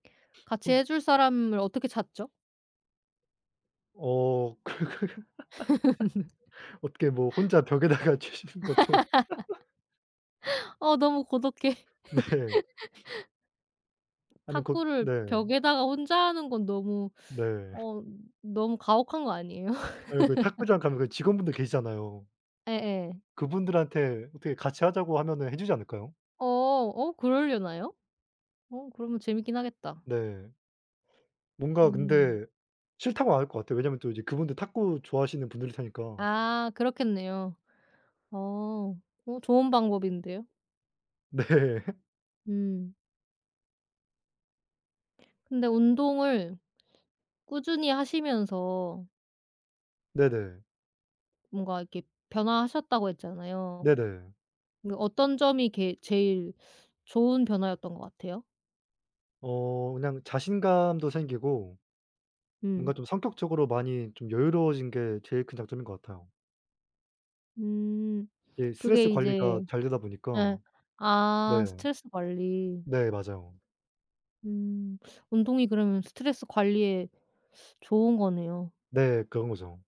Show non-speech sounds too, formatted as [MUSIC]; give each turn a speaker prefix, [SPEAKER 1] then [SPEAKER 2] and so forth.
[SPEAKER 1] 같이
[SPEAKER 2] 폰
[SPEAKER 1] 해 줄 사람을 어떻게 찾죠?
[SPEAKER 2] 어 그 [LAUGHS] 어떻게 뭐
[SPEAKER 1] [LAUGHS]
[SPEAKER 2] 혼자 벽에다가 치시는 것도. [LAUGHS]
[SPEAKER 1] [LAUGHS] 어 너무 고독해.
[SPEAKER 2] 네.
[SPEAKER 1] [LAUGHS]
[SPEAKER 2] 아니 것
[SPEAKER 1] 탁구를
[SPEAKER 2] 네.
[SPEAKER 1] 벽에다가 혼자 하는 건 너무
[SPEAKER 2] 네.
[SPEAKER 1] 어 너무 가혹한 거 아니에요?
[SPEAKER 2] 아유 그
[SPEAKER 1] [LAUGHS]
[SPEAKER 2] 탁구장 가면은 그 직원분들 계시잖아요.
[SPEAKER 1] 예예.
[SPEAKER 2] 그분들한테 어떻게 같이 하자고 하면은 해 주지 않을까요?
[SPEAKER 1] 어. 어 그러려나요? 어 그러면 재밌긴 하겠다.
[SPEAKER 2] 네. 뭔가
[SPEAKER 1] 음.
[SPEAKER 2] 근데 싫다고 안 할 것 같아요. 왜냐하면 또 이제 그분도 탁구 좋아하시는 분들일 테니까.
[SPEAKER 1] 아 그렇겠네요. 어. 어 좋은 방법인데요.
[SPEAKER 2] 네. [LAUGHS]
[SPEAKER 1] 음. 근데 운동을 꾸준히 하시면서
[SPEAKER 2] 네네.
[SPEAKER 1] 뭔가 이렇게 변화하셨다고 했잖아요.
[SPEAKER 2] 네네.
[SPEAKER 1] 그 어떤 점이 게 제일 좋은 변화였던 것 같아요?
[SPEAKER 2] 어 그냥 자신감도 생기고 뭔가
[SPEAKER 1] 음.
[SPEAKER 2] 좀 성격적으로 많이 좀 여유로워진게 제일 큰 장점인 것 같아요.
[SPEAKER 1] 음.
[SPEAKER 2] 네.
[SPEAKER 1] 그게
[SPEAKER 2] 스트레스
[SPEAKER 1] 이제
[SPEAKER 2] 관리가 잘 되다
[SPEAKER 1] 예.
[SPEAKER 2] 보니까. 네
[SPEAKER 1] 아 스트레스 관리.
[SPEAKER 2] 네. 맞아요.
[SPEAKER 1] 음. 운동이 그러면 스트레스 관리에 좋은 거네요.
[SPEAKER 2] 네. 그런 거죠.